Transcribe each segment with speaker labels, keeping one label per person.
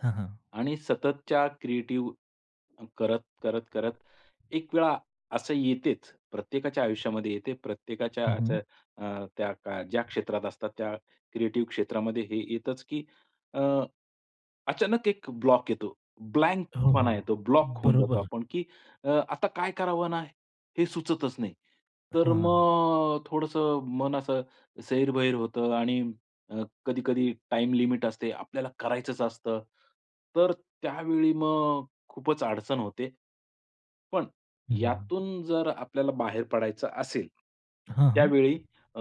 Speaker 1: हां, हां.
Speaker 2: आणि सततच्या क्रिएटिव्ह, अन करत, करत, करत एक वेळा असं येतेच प्रत्येकाच्या आयुष्यामध्ये येते. प्रत्येकाच्या
Speaker 1: हं, हं.
Speaker 2: असं अ, त्या ज्या क्षेत्रात असतात त्या क्रिएटिव्ह क्षेत्रामध्ये हे येतच, की अ, अचानक एक ब्लॉक येतो.
Speaker 1: हो, हो.
Speaker 2: ब्लँकपणा येतो. ब्लॉक होऊन जातो
Speaker 1: बरोबर.
Speaker 2: आपण, की अ, आता काय करावं ना, हे सुचतच नाही. तर
Speaker 1: हां.
Speaker 2: मग थोडंसं मन असं सैरभर होतं आणि अ, कधी-कधी टाईम लिमिट असते. आपल्याला करायचंच असतं. तर त्यावेळी मग खूपच अडचण होते. पण
Speaker 1: हं, हं.
Speaker 2: यातून जर आपल्याला बाहेर पडायचं असेल,
Speaker 1: हां, हां.
Speaker 2: त्यावेळी अ,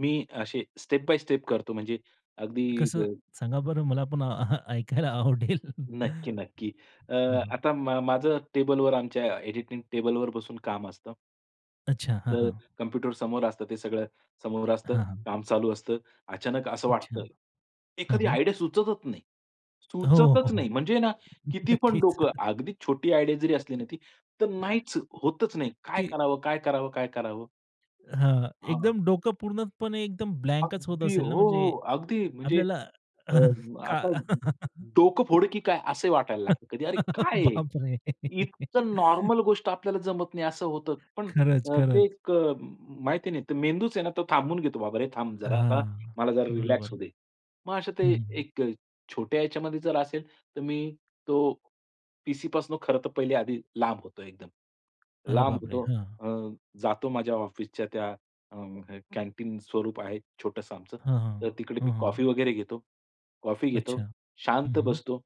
Speaker 2: मी असे स्टेप बाय स्टेप करतो म्हणजे अगदी
Speaker 1: कसं
Speaker 2: ग
Speaker 1: सांगा बरं? मला पण अहं, ऐकायला आवडेल.
Speaker 2: नक्की,
Speaker 1: हं,
Speaker 2: नक्की. अ,
Speaker 1: हं.
Speaker 2: आता माझं टेबलवर आमच्या एडिटिंग टेबलवर बसून काम असतं.
Speaker 1: अच्छा. हां,
Speaker 2: तर
Speaker 1: हां.
Speaker 2: कॉम्प्युटर समोर असतं. ते सगळं समोर असतं,
Speaker 1: हां, हां.
Speaker 2: काम चालू असतं. अचानक असं
Speaker 1: अच्छा.
Speaker 2: वाटतं.
Speaker 1: हां,
Speaker 2: एखादी
Speaker 1: हां.
Speaker 2: आयडिया सुचतच नाही,
Speaker 1: हो, हो.
Speaker 2: सुचतच
Speaker 1: हो.
Speaker 2: नाही. म्हणजे ना किती पण
Speaker 1: नक्कीच.
Speaker 2: डोकं अगदी छोटी आयडिया जरी असली ना, ती तर नाहीच होतच नाही. काय
Speaker 1: ती
Speaker 2: करावं, काय करावं, काय करावं?
Speaker 1: हां.
Speaker 2: हां.
Speaker 1: एकदम डोकं पूर्णपणे एकदम ब्लँकच होत
Speaker 2: अगदी. हो,
Speaker 1: असेल ना म्हणजे
Speaker 2: हो. अगदी. म्हणजे
Speaker 1: आपल्याला
Speaker 2: अ, आता
Speaker 1: का?
Speaker 2: डोकं फोडू, की काय असं वाटायला लागतं. कधी "अरे काय आहे?
Speaker 1: बापरे!
Speaker 2: इतकं नॉर्मल गोष्ट आपल्याला जमत नाही असं होतं." पण
Speaker 1: खरंच,
Speaker 2: अ, ते
Speaker 1: खरंच.
Speaker 2: एक अ, माहिती नाही. ते मेंदूच आहे ना तो थांबून घेतो. "बाबा रे थांब जरा, आता
Speaker 1: हां.
Speaker 2: मला जरा रिलॅक्स होऊ
Speaker 1: बरोबर.
Speaker 2: दे." मग अशा
Speaker 1: हं,
Speaker 2: ते
Speaker 1: हं. हं.
Speaker 2: एक छोट्या ह्याच्यामध्ये जर असेल, तर मी तो पी-सीपासनं खरं तर पहिले आधी लांब होतो एकदम.
Speaker 1: अरे
Speaker 2: लांब
Speaker 1: बापरे!
Speaker 2: होतो.
Speaker 1: हां.
Speaker 2: अ, जातो माझ्या ऑफिसच्या त्या अ, कॅन्टीन स्वरूप आहे छोटंसं आमचं.
Speaker 1: हां, हां.
Speaker 2: तर तिकडे मी
Speaker 1: हां, हां.
Speaker 2: कॉफी वगैरे घेतो, कॉफी
Speaker 1: अच्छा.
Speaker 2: घेतो,
Speaker 1: हं,
Speaker 2: शांत
Speaker 1: हं.
Speaker 2: बसतो.